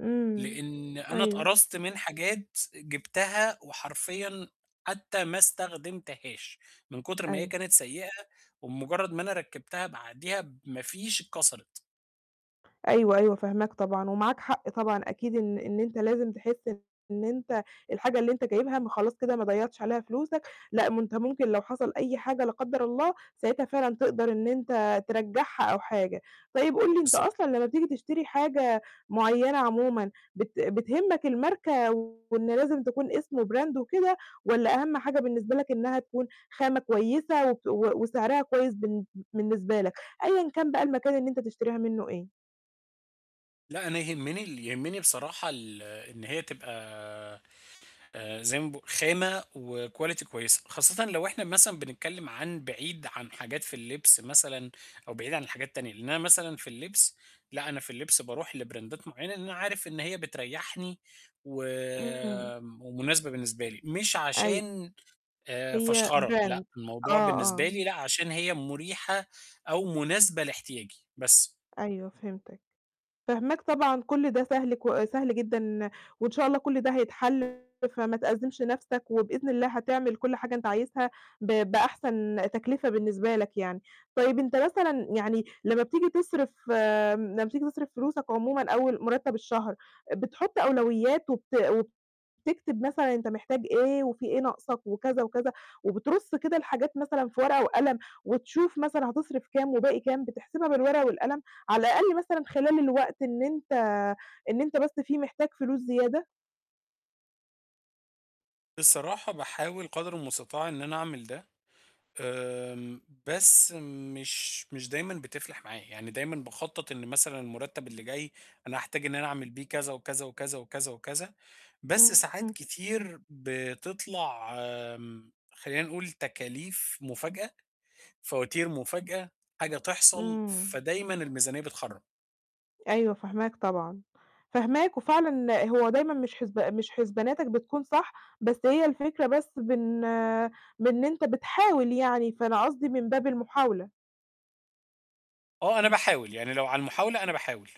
إمم. لأن أنا أيوه. اتقرصت من حاجات جِبتها وحرفيًا حتى ما استخدمتهاش من كُتر ما هي أيوه. كانت سيئة وبمُجرد ما أنا ركِّبتها بعديها بما فيش، اتكسرِت. أيوه، أيوه، فاهماك طبعًا ومعاك حق طبعًا أكيد إن إن أنت لازم تحِس إن أنت الحاجة اللي أنت جايبها ما خلاص كده ما ضيّعتش عليها فلوسك، لأ، ما أنت ممكن لو حصل أي حاجة لا قدَّر الله، ساعتها فعلًا تقدر إن أنت ترجّعها أو حاجة. طيب قُل لي أنت بالضب أصلًا لمّا بتيجي تشتري حاجة معيّنة عمومًا بت بتهمّك الماركة وإن لازم تكون اسمه Brand وكده والّا أهَم حاجة بالنسبة لك إنها تكون خامة كويسة وت وسعرها كويس بالن بالنسبة لك، أيًا كان بقى المكان اللي أنت تشتريها منه إيه؟ لأ، أنا يهمِّني ال يهمِّني بصراحة ال إن هي تبقى آآ زي ما باق خامة وquality كويسة، خاصةً لو إحنا مثلًا بنتكلِم عن بعيد عن حاجات في اللبس مثلًا أو بعيد عن الحاجات التانية، لأن أنا مثلًا في اللبس، لأ، أنا في اللبس باروح لبراندات معيّنة لأن أنا عارف إن هي بتريّحني إمم. وم ومناسبة بالنسبة لي، مش أيو عشان آآ هي فَشخَرة، brand، لأ، الموضوع آه، بالنسبة آه. لي لأ، عشان هي مُريحة أو مناسبة لاحتياجي، بس. أيوه، فهمتك. فاهماك طبعًا، كُل ده سهل ك سهل جدًا وإن شاء الله كُل ده هيتحل، فما تأزِّمش نَفسك وبإذن الله هتعمل كُل حاجة أنت عايزها ب بأحسن تكلفة بالنسبة لك يعني. طيب أنت مثلًا يعني لمّا بتيجي تصرف امم، لمّا بتيجي تصرف فلوسك عمومًا أول مُرتَّب الشهر، بتحُط أولويات وبت وتكتب مثلًا أنت محتاج إيه وفي إيه ناقصك وكذا وكذا، وبترُص كده الحاجات مثلًا في ورقة وقلم، وتشوف مثلًا هتصرف كام وباقي كام، بتحسبها بالورقة والقلم، على الأقل مثلًا خلال الوقت إن أنت إن أنت بس فيه محتاج فلوس زيادة؟ صراحة باحاول قدر المستطاع إن أنا أعمل ده، آمم، بس مش مش دايمًا بتفلَح معايا. يعني دايمًا باخطَّط إن مثلًا المُرتَّب اللي جاي أنا هاحتاج إن أنا أعمل بيه كذا وكذا وكذا وكذا وكذا، بس ساعات إمم. كتير بتطلع خلّينا نقول تكاليف مُفاجأة، فواتير مُفاجأة، حاجة تحصل، إمم. فدايمًا الميزانية بتخرَّب. أيوه، فاهماك طبعًا. فاهماك، وفعلًا هو دايمًا مش حسب مش حسباناتك بتكون صح، بس هي الفكرة بس بن بإن أنت بتحاول يعني، فأنا قصدي من باب المحاولة. آه، أنا باحاول، يعني لو على المحاولة، أنا باحاول.